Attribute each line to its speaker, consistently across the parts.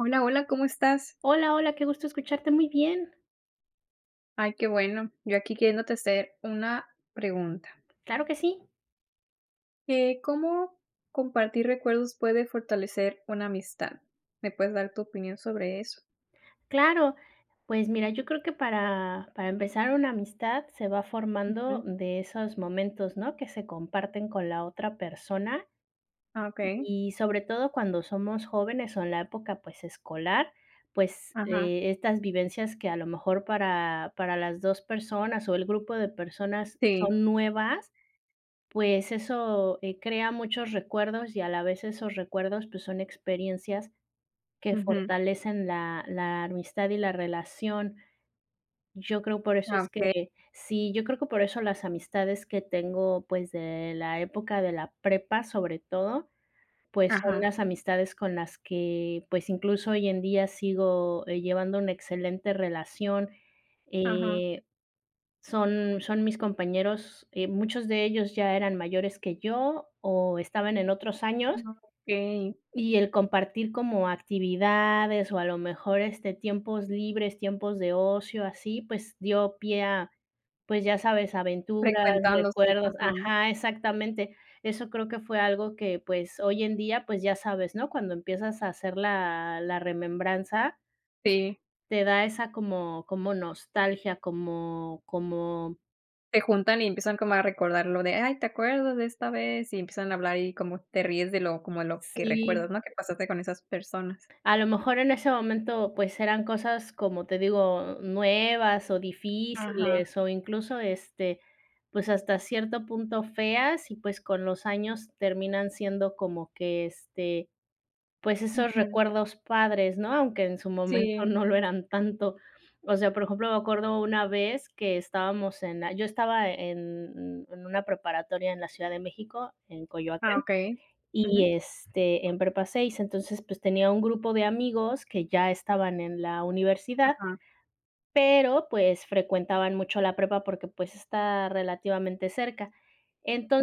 Speaker 1: Hola hola, ¿cómo estás?
Speaker 2: Hola hola, qué gusto escucharte, muy bien.
Speaker 1: Ay, qué bueno, yo aquí queriéndote hacer una pregunta.
Speaker 2: Claro que sí.
Speaker 1: Eh, ¿cómo compartir recuerdos puede fortalecer una amistad? ¿Me puedes dar tu opinión sobre eso?
Speaker 2: Claro, pues mira, yo creo que para para empezar una amistad se va formando
Speaker 1: Ujú.
Speaker 2: de esos momentos, ¿no?, que se comparten con la otra persona
Speaker 1: Ah, okey.
Speaker 2: y sobre todo cuando somos jóvenes o en la época, pues, escolar, pues,
Speaker 1: Ajá.
Speaker 2: eh, estas vivencias que a lo mejor para para las 2 personas o el grupo de personas
Speaker 1: Sí.
Speaker 2: son nuevas, pues eso, eh, crea muchos recuerdos y a la vez esos recuerdos pues son experiencias que
Speaker 1: Ujú.
Speaker 2: fortalecen la la amistad y la relación. Yo creo por eso
Speaker 1: Ah,
Speaker 2: es
Speaker 1: okey.
Speaker 2: que Sí yo creo que por eso las amistades que tengo, pues, de la época de la prepa, sobre todo, pues, son
Speaker 1: Ajá.
Speaker 2: las amistades con las que, pues, incluso hoy en día sigo, eh, llevando una excelente relación,
Speaker 1: Ajá.
Speaker 2: eh, son son mis compañeros, eh, muchos de ellos ya eran mayores que yo o estaban en otros años
Speaker 1: Ah, okey.
Speaker 2: y el compartir como actividades o a lo mejor, este, tiempos libres, tiempos de ocio así, pues dio pie a, pues ya sabes, aventuras,
Speaker 1: Frecuentándose,
Speaker 2: recuerdos
Speaker 1: ajá.
Speaker 2: Ajá, exactamente. Eso creo que fue algo que, pues hoy en día, pues ya sabes, ¿no?, cuando empiezas a hacer la la remembranza
Speaker 1: Sí.
Speaker 2: te da esa como como nostalgia, como como
Speaker 1: Se juntan y empiezan como a recordar lo de: "Ay, te acuerdas de esta vez", y empiezan a hablar y como te ríes de lo como a lo que recuerdas,
Speaker 2: Sí.
Speaker 1: ¿no?, que pasaste con esas personas.
Speaker 2: A lo mejor en ese momento, pues, eran cosas, como te digo, nuevas o
Speaker 1: Ajá.
Speaker 2: difíciles, o incluso este, pues hasta cierto punto feas y pues con los años terminan siendo como que este, pues esos
Speaker 1: Ujú.
Speaker 2: recuerdos padres, ¿no?, aunque en su momento
Speaker 1: Sí.
Speaker 2: no lo eran tanto, o sea, por ejemplo, me acuerdo una vez que estábamos en la yo estaba en en una preparatoria en la Ciudad de México, en
Speaker 1: Ah,
Speaker 2: Coyoacán,
Speaker 1: okey. Ujú.
Speaker 2: y, este, en Prepa 6, entonces, pues, tenía un grupo de amigos que ya estaban en la universidad,
Speaker 1: Ajá.
Speaker 2: pero pues frecuentaban mucho la prepa porque pues está relativamente cerca.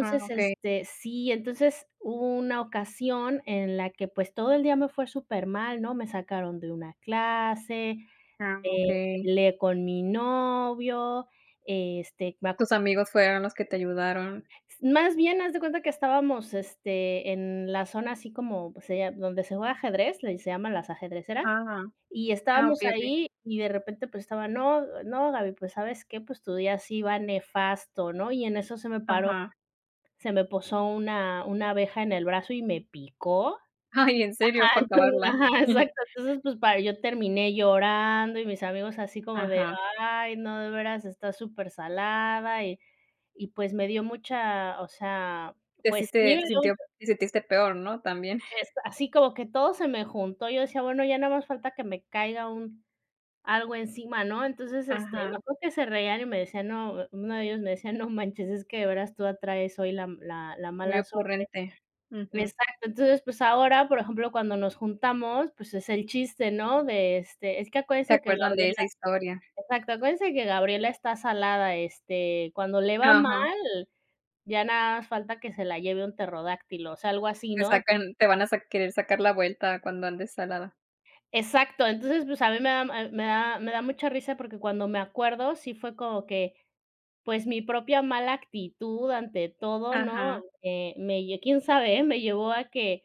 Speaker 1: Ah, okey.
Speaker 2: este sí, entonces hubo una ocasión en la que pues todo el día me fue supermal, ¿no?, me sacaron de una clase,
Speaker 1: Ah,
Speaker 2: me
Speaker 1: okey.
Speaker 2: peleé con mi novio, este, me acu
Speaker 1: Tus amigos fueron los que te ayudaron.
Speaker 2: más bien, haz de cuenta que estábamos, este, en la zona así como, pues sería donde se juega ajedrez, le se llama Las Ajedrecera,
Speaker 1: Ja ja,
Speaker 2: y
Speaker 1: ah
Speaker 2: estábamos
Speaker 1: okey okey.
Speaker 2: ahí y de repente, pues, estaba: "No no, Gaby, pues, ¿sabes qué?, pues, tu día sí va nefasto", ¿no?, y en eso se me paró
Speaker 1: Ajá.
Speaker 2: se me posó una una abeja en el brazo y me picó.
Speaker 1: Ay, en
Speaker 2: Ajá,
Speaker 1: serio, para
Speaker 2: enton
Speaker 1: acabarla.
Speaker 2: ajá, exacto, entonces, pues para yo terminé llorando y mis amigos así como de:
Speaker 1: Ajá.
Speaker 2: "Ay, no, de veras está supersalada" y y pues me dio mucha, o sea,
Speaker 1: Te
Speaker 2: pues
Speaker 1: hiciste te sintió
Speaker 2: [unintelligible]
Speaker 1: te sentiste peor, ¿no?, también.
Speaker 2: este, así como que todo se me juntó, yo decía: "Bueno, ya nada más falta que me caiga un algo encima, ¿no?". Entonces, este, me
Speaker 1: Ajá.
Speaker 2: acuerdo que se reían y me decían, no, uno de ellos me decía: "No manches, es que de veras tú atraes hoy la m la la
Speaker 1: Muy
Speaker 2: mala suerte".
Speaker 1: ocurrente, ujú.
Speaker 2: Exacto, entonces, pues ahora, por ejemplo, cuando nos juntamos, pues es el chiste, ¿no?, de este: "Es que
Speaker 1: Se
Speaker 2: acuérdense que
Speaker 1: acuerdan de
Speaker 2: Gabriela",
Speaker 1: esa historia.
Speaker 2: exacto: "Acuérdense que Gabriela está salada, este, cuando le va mal,
Speaker 1: Ajá.
Speaker 2: ya nada más falta que se la lleve un pterodáctilo", o sea, algo así,
Speaker 1: Te
Speaker 2: ¿no?
Speaker 1: sacan te van a sac querer sacar la vuelta cuando andes salada.
Speaker 2: Exacto, entonces, pues a mí me da m a me daba me da mucha risa porque cuando me acuerdo, sí fue como que, pues, mi propia mala actitud ante todo, ¿no?,
Speaker 1: Ajá.
Speaker 2: eh, me lle quién sabe, eh, me llevó a que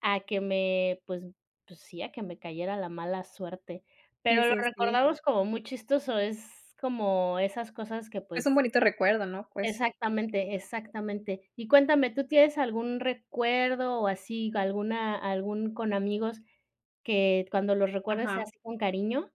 Speaker 2: a que me, pues pues, sí, a que me cayera la mala suerte.
Speaker 1: Sí
Speaker 2: Pero lo
Speaker 1: sí sí.
Speaker 2: recordamos como muy chistoso, es como esas cosas que,
Speaker 1: Es un
Speaker 2: pues
Speaker 1: bonito recuerdo, ¿no?, pues.
Speaker 2: Exactamente, exactamente. Y cuéntame, ¿tú tienes algún recuerdo o así, alguna algún con amigos que cuando los recuerdes sea
Speaker 1: Ajá.
Speaker 2: así con cariño?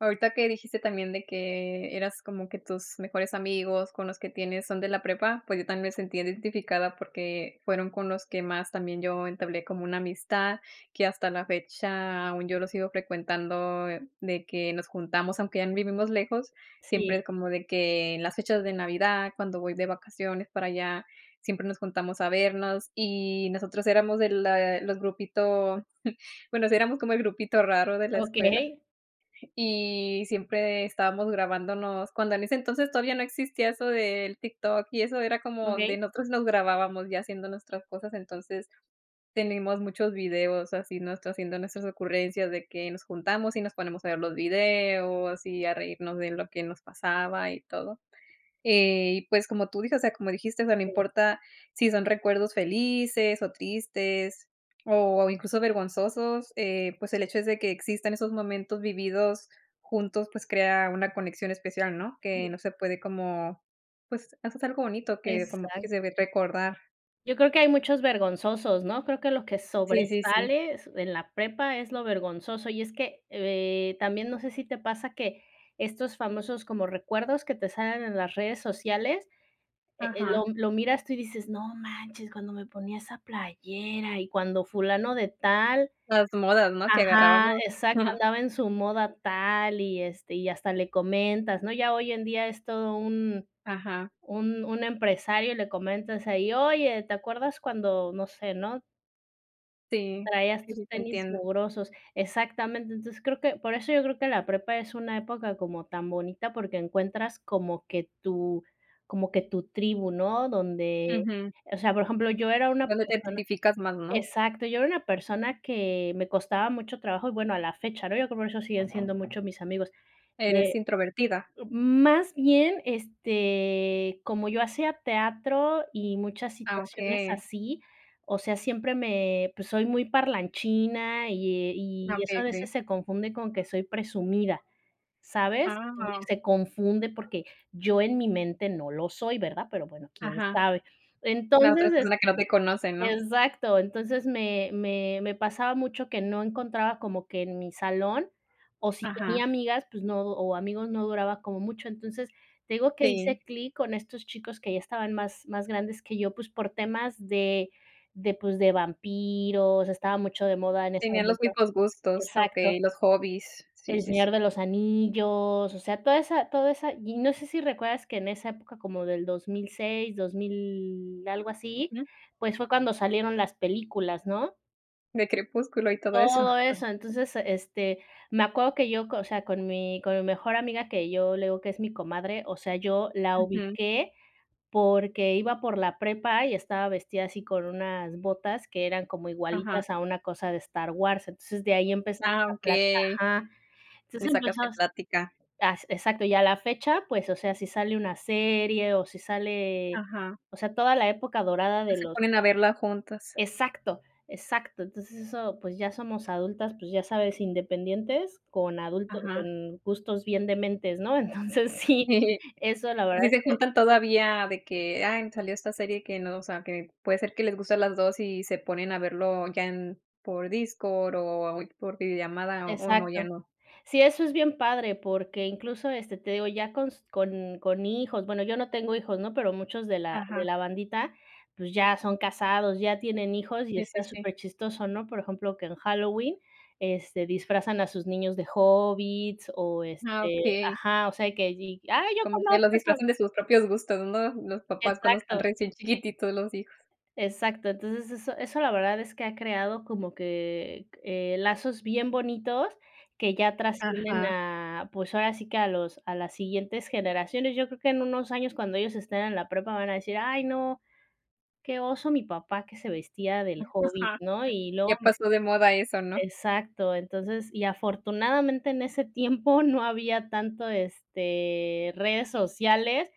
Speaker 1: Ahorita que dijiste también de que eras como que tus mejores amigos con los que tienes son de la prepa, pues, yo también me sentí identificada, porque fueron con los que más también yo entablé como una amistad. Que hasta la fecha aún yo los sigo frecuentando de que nos juntamos, aunque ya vivimos lejos, siempre
Speaker 2: Sí.
Speaker 1: es como de que en las fechas de Navidad, cuando voy de vacaciones para allá, siempre nos juntamos a vernos. Y nosotros éramos de la los grupito, bueno, o sea, éramos como el grupito raro de la escuela.
Speaker 2: Okey.
Speaker 1: Y siempre estábamos grabándonos, cuando en ese entonces todavía no existía eso del TikTok y eso. Era como de
Speaker 2: Okey.
Speaker 1: nosotros nos grabábamos ya haciendo nuestras cosas, entonces tenemos muchos videos así nosotros haciendo nuestras ocurrencias de que nos juntamos, y nos ponemos a ver los videos, y a reírnos de lo que nos pasaba y todo. Y pues como tú dices, o sea, como dijiste, o sea, no
Speaker 2: Sí.
Speaker 1: importa sí son recuerdos felices o tristes, o incluso, vergonzosos, eh, pues, el hecho es de que existan esos momentos vividos juntos, pues crea una conexión especial, ¿no? Que
Speaker 2: Sí.
Speaker 1: no se puede como, pues, haces algo bonito que como
Speaker 2: Exacto.
Speaker 1: [unintelligible] recordar.
Speaker 2: Yo creo que hay muchos vergonzosos, ¿no?, creo que lo que
Speaker 1: Sí, sí, sí.
Speaker 2: sobresales en la prepa es lo vergonzoso. Y es que, eh, también no sé sí te pasa que estos famosos como recuerdos que te salen en las redes sociales, eh eh, lo
Speaker 1: Ajá.
Speaker 2: lo miras tú, y dices: "No manches, cuando me ponía esa playera y cuando fulano de tal."
Speaker 1: Las modas, ¿no?, que
Speaker 2: Ajá,
Speaker 1: agarrábamos.
Speaker 2: exacto, andaba en su moda tal, y este, y hasta le comentas, ¿no? Ya hoy en día es todo un
Speaker 1: Ajá.
Speaker 2: un un empresario le comentas ahí: "Oye, te acuerdas cuando, no sé", ¿no?
Speaker 1: Sí,
Speaker 2: Traías
Speaker 1: sí,
Speaker 2: tus
Speaker 1: sí te
Speaker 2: tenis
Speaker 1: entiendo.
Speaker 2: mugrosos, exactamente. Entonces, creo que, por eso yo creo que la prepa es una época como tan bonita, porque, encuentras como que tu como que tu tribu, ¿no?, donde,
Speaker 1: Ujú.
Speaker 2: o sea, por ejemplo, yo era una
Speaker 1: Donde te
Speaker 2: persona
Speaker 1: identificas más, ¿no?
Speaker 2: exacto, yo era una persona que me costaba mucho trabajo y, bueno, a la fecha, ¿no?, yo creo que por eso siguen siendo mucho mis amigos.
Speaker 1: ¿Eres
Speaker 2: Eh,
Speaker 1: introvertida?
Speaker 2: más bien, este, como yo hacía teatro y muchas
Speaker 1: Ah,
Speaker 2: situaciones
Speaker 1: okey.
Speaker 2: así, o sea, siempre me, pues, soy muy parlanchina y, eh,
Speaker 1: Ah,
Speaker 2: y
Speaker 1: okey,
Speaker 2: eso a veces
Speaker 1: okey.
Speaker 2: se confunde con que soy presumida, ¿sabes? Entonces
Speaker 1: Wao.
Speaker 2: se confunde, porque yo en mi mente no lo soy, ¿verdad?, pero, bueno, quién
Speaker 1: Ajá,
Speaker 2: sabe.
Speaker 1: la
Speaker 2: Entonces
Speaker 1: otra persona
Speaker 2: este,
Speaker 1: que no te conoce, ¿no?
Speaker 2: exacto. Entonces me me me pasaba mucho que no encontraba como que en mi salón, o si tenía
Speaker 1: Ajá.
Speaker 2: amigas, pues no, o amigos no duraba como mucho. Entonces, te digo que
Speaker 1: Sí.
Speaker 2: hice clic con estos chicos que ya estaban más más grandes que yo, pues, por temas de de pues, de vampiros, estaba mucho de moda en ese
Speaker 1: Tenía los
Speaker 2: momento,
Speaker 1: mismos gustos,
Speaker 2: exacto
Speaker 1: okey, los hobbies. Sí,
Speaker 2: el
Speaker 1: sí, sí.
Speaker 2: Señor de los Anillos, o sea, toda esa toda esa y no sé si recuerdas que en esa época como del 2006, 2000, algo así,
Speaker 1: Ujú.
Speaker 2: pues, fue cuando salieron las películas, ¿no?
Speaker 1: De Crepúsculo y todo eso.
Speaker 2: Todo eso. Entonces, este, me acuerdo que yo, o sea, con mi con mi mejor amiga, que yo, le digo que es mi comadre, o sea, yo la
Speaker 1: Ujú.
Speaker 2: ubiqué porque iba por la prepa y estaba vestida así con unas botas que eran como
Speaker 1: Ajá.
Speaker 2: igualitas a una cosa de Star Wars. Entonces de ahí empezamos
Speaker 1: Ah,
Speaker 2: a plat
Speaker 1: okey.
Speaker 2: ajá.
Speaker 1: Le
Speaker 2: Entonces
Speaker 1: sacaste
Speaker 2: empezamos,
Speaker 1: plática.
Speaker 2: as exacto, y a la fecha pues, o sea, si sale una serie, o si sale,
Speaker 1: Ajá.
Speaker 2: o sea, toda la época dorada
Speaker 1: O
Speaker 2: de
Speaker 1: se
Speaker 2: los
Speaker 1: ponen a verla juntas.
Speaker 2: Exacto, exacto. Entonces, eso, pues, ya somos adultas, pues, ya sabes independientes con adulto
Speaker 1: Ajá.
Speaker 2: con gustos bien dementes, ¿no? Entonces, sí,
Speaker 1: Sí,
Speaker 2: eso la verdad
Speaker 1: así
Speaker 2: es
Speaker 1: se
Speaker 2: que
Speaker 1: juntan todavía de que, ay salió esta serie que no, o sea, que puede ser que les guste a las 2, y se ponen a verlo ya en por Discord o por videollamada, ¿o no, ya
Speaker 2: Exacto.
Speaker 1: no?
Speaker 2: Sí, eso es bien padre, porque incluso, este, te digo, ya con s con con hijos, bueno, yo no tengo hijos, ¿no?, pero muchos de la de
Speaker 1: Ajá.
Speaker 2: la bandita, pues, ya son casados, ya tienen hijos y
Speaker 1: Sí,
Speaker 2: está
Speaker 1: sí, sí.
Speaker 2: superchistoso, ¿no?, por ejemplo, que en Halloween, este, disfrazan a sus niños de hobbits, o
Speaker 1: Ah,
Speaker 2: este,
Speaker 1: okey.
Speaker 2: ajá, o sea, y que, ay, yo
Speaker 1: Como que
Speaker 2: conozco
Speaker 1: los
Speaker 2: esa
Speaker 1: disfrazan de sus propios gustos, ¿no? Los papás, cuando están
Speaker 2: Exacto.
Speaker 1: recién chiquititos los hijos.
Speaker 2: Exacto, entonces, eso eso la verdad es que ha creado como que, eh, lazos bien bonitos que ya trascienden
Speaker 1: Ajá.
Speaker 2: a, pues, ahora sí que a los a las siguientes generaciones. Yo creo que en unos años cuando ellos estén en la prepa van a decir: "Ay no, qué oso mi papá que se vestía del hobbit",
Speaker 1: [unintelligible]
Speaker 2: ¿no?, y luego
Speaker 1: Ya
Speaker 2: me
Speaker 1: pasó de moda eso, ¿no?
Speaker 2: exacto. Entonces, y afortunadamente en ese tiempo no había tanto este, redes sociales,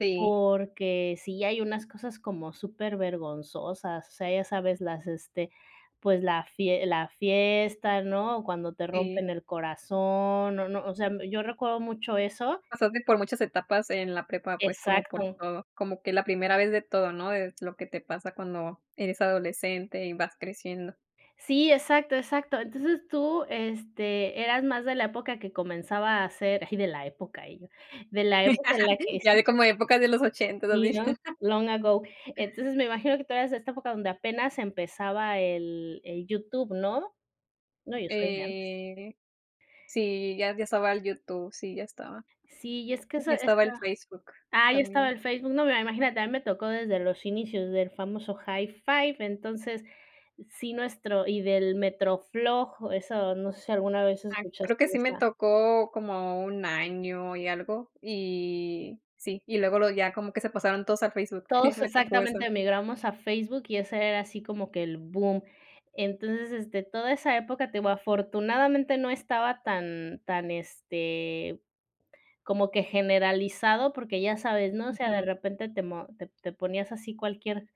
Speaker 1: Sí.
Speaker 2: porque sí hay unas cosas como supervergonzosas. O sea, ya sabes, las este, pues la fie la fiesta, ¿no? O cuando te
Speaker 1: Sí.
Speaker 2: rompen el corazón, no no, sea, yo recuerdo mucho eso.
Speaker 1: Pasaste por muchas etapas en la prepa, pues, como por
Speaker 2: Exacto.
Speaker 1: todo, como que la primera vez de todo, ¿no? Es lo que te pasa cuando eres adolescente y vas creciendo.
Speaker 2: Sí, exacto exacto. Entonces tú, este, eras más de la época que comenzaba a hacer, ay de la época ella, de la época en la que es
Speaker 1: Ya de como
Speaker 2: [unintelligible]
Speaker 1: épocas de los ochentas,
Speaker 2: sí,
Speaker 1: así.
Speaker 2: ¿no?, long ago. Entonces, me imagino que todavía es esta época donde apenas empezaba el el YouTube, ¿no? No, yo soy de antes.
Speaker 1: Eh, sí, ya ya estaba el YouTube, sí, ya estaba.
Speaker 2: Sí, y es que eso
Speaker 1: Ya estaba
Speaker 2: esa.
Speaker 1: el Facebook
Speaker 2: Ah, ya estaba
Speaker 1: también.
Speaker 2: el Facebook, no, mira, imagínate, a mi me tocó desde los inicios del famoso, Hi5, entonces, sí nuestro y del MetroFLOG, eso, no sé, si alguna vez
Speaker 1: Ah, creo
Speaker 2: escuchaste
Speaker 1: que sí me
Speaker 2: esa
Speaker 1: tocó como 1 año y algo, y sí, y luego lo ya como que se pasaron todos a Facebook,
Speaker 2: Todos
Speaker 1: me tocó eso.
Speaker 2: exactamente migramos a Facebook y ese era así como que el boom. Entonces este, toda esa época, te digo, afortunadamente no estaba tan tan este, como que generalizado, porque, ya sabes, ¿no?, o sea, de
Speaker 1: Ujú.
Speaker 2: repente te mo te te ponías así cualquier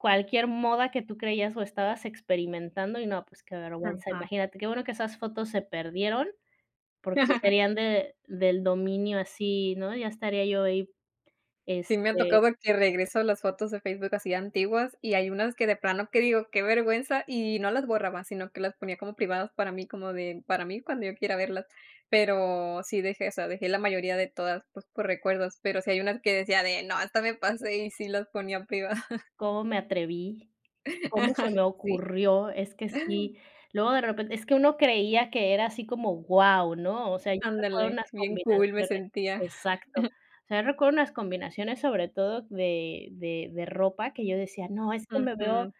Speaker 2: cualquier moda que tú creías o estabas experimentando. Y no, pues, qué vergüenza.
Speaker 1: Ajá.
Speaker 2: Imagínate, qué bueno que esas fotos se perdieron, porque serían de, del dominio así, ¿no?, ya estaría yo ahí.
Speaker 1: Sí me ha
Speaker 2: Este
Speaker 1: tocado que regreso a las fotos de Facebook así antiguas, y hay unas que de plano que digo, qué vergüenza, y no las borraba, sino que las ponía como privadas para mí, como de para mí, cuando yo quiera verlas. Pero, sí dejé esa, dejé la mayoría de todas, pues, por recuerdos, pero, sí hay unas que decía de no, esta me pasé y sí las ponía privadas.
Speaker 2: ¿Cómo me atreví, cómo se me
Speaker 1: Sí.
Speaker 2: ocurrió? Es que sí, luego de repente es que uno creía que era así como wao, ¿no?, o sea, yo recuerdo
Speaker 1: Ándale,
Speaker 2: unas
Speaker 1: bien cool me
Speaker 2: combinaciones,
Speaker 1: sentía.
Speaker 2: exacto. O sea, yo recuerdo unas combinaciones, sobre todo de de de ropa que yo decía: "No, es que me veo
Speaker 1: Ujú.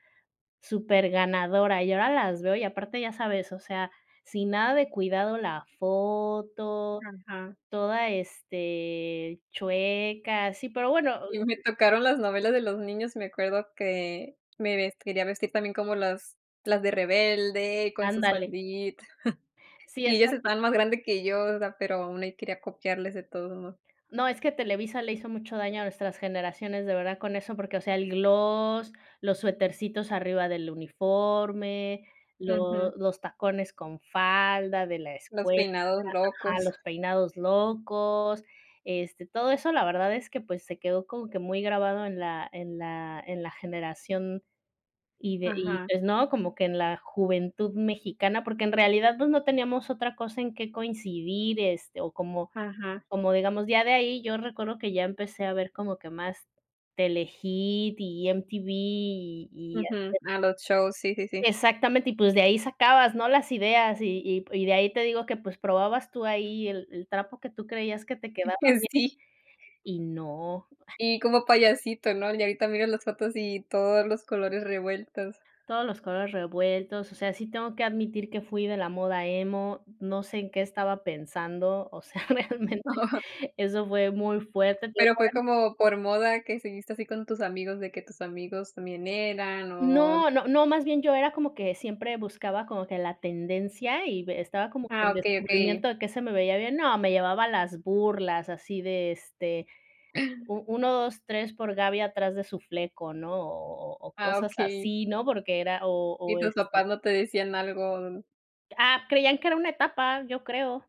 Speaker 2: superganadora". Y ahora las veo y aparte ya sabes, o sea, sin nada de cuidado la foto,
Speaker 1: Ajá.
Speaker 2: toda, este, chueca. Sí, pero bueno
Speaker 1: Y me
Speaker 2: oh
Speaker 1: tocaron las novelas de los niños, y me acuerdo que me ves quería vestir también como las las de rebelde con su
Speaker 2: Ándale.
Speaker 1: faldita.
Speaker 2: Sí,
Speaker 1: Y ellas
Speaker 2: exacto.
Speaker 1: estaban más grande que yo, o sea, pero, aún ahí quería copiarles de todos modos.
Speaker 2: No, es que Televisa le hizo mucho daño a nuestras generaciones, de verdad, con eso, porque, o sea, el gloss, los suetercitos arriba del uniforme,
Speaker 1: Ujú.
Speaker 2: lo los tacones con falda de la
Speaker 1: Los
Speaker 2: escuela,
Speaker 1: peinados
Speaker 2: ajá,
Speaker 1: locos.
Speaker 2: los peinados locos, este, todo eso la verdad es que, pues, se quedó como que muy grabado en la en la en la generación. Y de y
Speaker 1: Ajá.
Speaker 2: pues no, como que en la juventud mexicana, porque, en realidad pues no teníamos otra cosa en qué coincidir, este, o como
Speaker 1: Ajá.
Speaker 2: como digamos ya de ahí, yo recuerdo que ya empecé a ver como que más Telehit y MTV y y así
Speaker 1: Ujú,
Speaker 2: de
Speaker 1: a los shows, sí, sí, sí.
Speaker 2: exactamente y pues, de ahí sacabas, ¿no?, las ideas y y y de ahí te digo que pues, probabas tú ahí, el el trapo que tú creías que te quedaba bien
Speaker 1: [unintelligible]
Speaker 2: y no.
Speaker 1: Y como payasito, ¿no?, y ahorita miro las fotos y todos los colores revueltos.
Speaker 2: Todos los colores revueltos. O sea, sí tengo que admitir que fui de la moda emo, no sé, en qué estaba pensando, o sea, realmente eso fue muy fuerte, te digo
Speaker 1: Pero,
Speaker 2: por
Speaker 1: fue
Speaker 2: [unintelligible]
Speaker 1: como por moda que seguiste así con tus amigos, de que tus amigos también, eran o
Speaker 2: No, no, no, más bien yo era como que siempre buscaba como que la tendencia y b estaba como que
Speaker 1: Ah,
Speaker 2: en
Speaker 1: okey, okey.
Speaker 2: descubrimiento de qué se me veía bien. No, me llevaba las burlas, así de, este, u 1, 2, 3, por Gaby atrás de su fleco, ¿no? O o o
Speaker 1: Ah,
Speaker 2: cosas
Speaker 1: okey.
Speaker 2: así, ¿no? Porque era o o
Speaker 1: Y tus
Speaker 2: este
Speaker 1: papás no te decían algo
Speaker 2: Ah, creían que era una etapa, yo creo.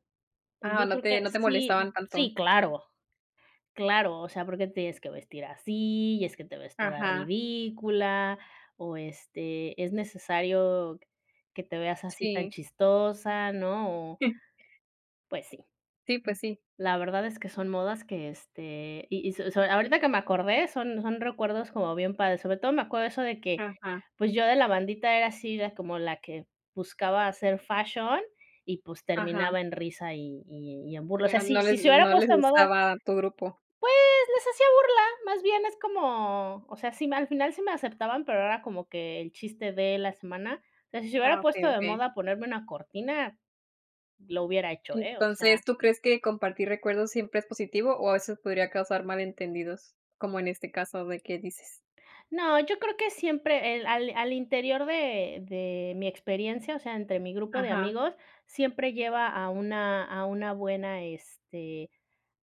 Speaker 1: Ah,
Speaker 2: Yo
Speaker 1: no
Speaker 2: creo
Speaker 1: te
Speaker 2: que
Speaker 1: no te
Speaker 2: sí,
Speaker 1: molestaban tanto.
Speaker 2: sí, claro. Claro, o sea, ¿por qué te tienes que vestir así? Y es que te ves toda
Speaker 1: Ajá.
Speaker 2: ridícula, o este, ¿es necesario que te veas así tan
Speaker 1: Sí.
Speaker 2: chistosa?, ¿no?, o Pues sí.
Speaker 1: Sí, pues, sí.
Speaker 2: La verdad es que son modas que, este, y y so so, ahorita que me acordé son son recuerdos como bien padres. Sobre todo, me acuerdo eso de que,
Speaker 1: Ajá.
Speaker 2: pues, yo de la bandita era así la como la que buscaba hacer fashion y, pues,
Speaker 1: Ajá.
Speaker 2: terminaba en risa y y y en burla. O sea,
Speaker 1: [unintelligible]
Speaker 2: si
Speaker 1: No
Speaker 2: si
Speaker 1: les
Speaker 2: se hubiera
Speaker 1: no les
Speaker 2: puesto de moda
Speaker 1: gustaba tu grupo.
Speaker 2: pues, les hacía burla, más bien es como, o sea, si m al final sí me aceptaban, pero era como que el chiste de la semana. O sea, si se
Speaker 1: Ah,
Speaker 2: hubiera
Speaker 1: okey,
Speaker 2: puesto de
Speaker 1: okey.
Speaker 2: moda ponerme una cortina, lo hubiera hecho, eh, o sea
Speaker 1: Entonces, ¿tú crees que compartir recuerdos, siempre es positivo, o a veces podría causar malentendidos? Como en este caso, de que dices.
Speaker 2: No, yo creo que siempre el al al interior de de mi experiencia, o sea, entre mi grupo de
Speaker 1: Ajá.
Speaker 2: amigos, siempre lleva a una a una buena, este,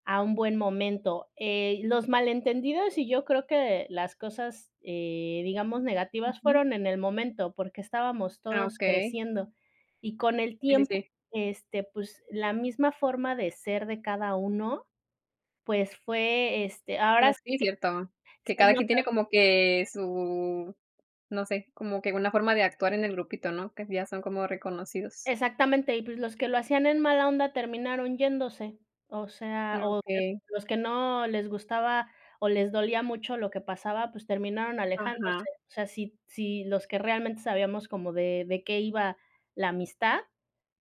Speaker 2: a un buen momento. Eh, los malentendidos y yo creo que las cosas, eh, digamos negativas,
Speaker 1: Ujú.
Speaker 2: fueron en el momento, porque estábamos
Speaker 1: Ah,
Speaker 2: todos
Speaker 1: okey.
Speaker 2: creciendo. Y con el
Speaker 1: Sí, sí,
Speaker 2: tiempo
Speaker 1: sí.
Speaker 2: este, pues, la misma forma de ser de cada uno, pues, fue, este,
Speaker 1: Como
Speaker 2: ahora sí
Speaker 1: que sí, ¿cierto?,
Speaker 2: que
Speaker 1: que
Speaker 2: se
Speaker 1: cada quien tiene
Speaker 2: nota
Speaker 1: como que su no sé, como que una forma de actuar en el grupito, ¿no?, que ya son como reconocidos.
Speaker 2: Exactamente, y pues, los que lo hacían en mala onda terminaron yéndose, o sea,
Speaker 1: Ah,
Speaker 2: o
Speaker 1: okey.
Speaker 2: los que no les gustaba, o les dolía mucho lo que pasaba, pues, terminaron alejándose,
Speaker 1: Ajá.
Speaker 2: o sea, si si los que realmente sabíamos como de de qué iba la amistad,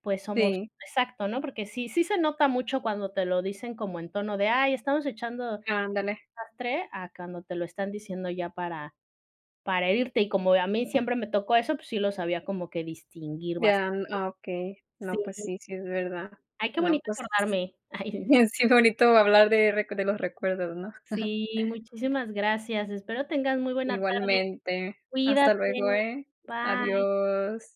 Speaker 2: pues, somos
Speaker 1: Sí.
Speaker 2: exacto, ¿no?, porque, sí sí se nota mucho cuando te lo dicen como en tono de: "Ay estamos echando
Speaker 1: Ándale.
Speaker 2: desastre" a cuando te lo están diciendo ya para para herirte. Y como a mí siempre me tocó eso, pues sí lo sabía como que distinguir
Speaker 1: Ya,
Speaker 2: bastante.
Speaker 1: n ah, okey, no, pues
Speaker 2: Sí.
Speaker 1: sí, sí es verdad,
Speaker 2: Ay, qué
Speaker 1: no,
Speaker 2: bonito
Speaker 1: pues,
Speaker 2: acordarme. Ay [unintelligible]
Speaker 1: sí, sí es bonito hablar de rec de los recuerdos, ¿no?
Speaker 2: Sí, muchísimas gracias. Espero tengas muy buena tarde.
Speaker 1: Igualmente.
Speaker 2: Cuídate,
Speaker 1: Hasta luego, eh,
Speaker 2: bye.
Speaker 1: adiós.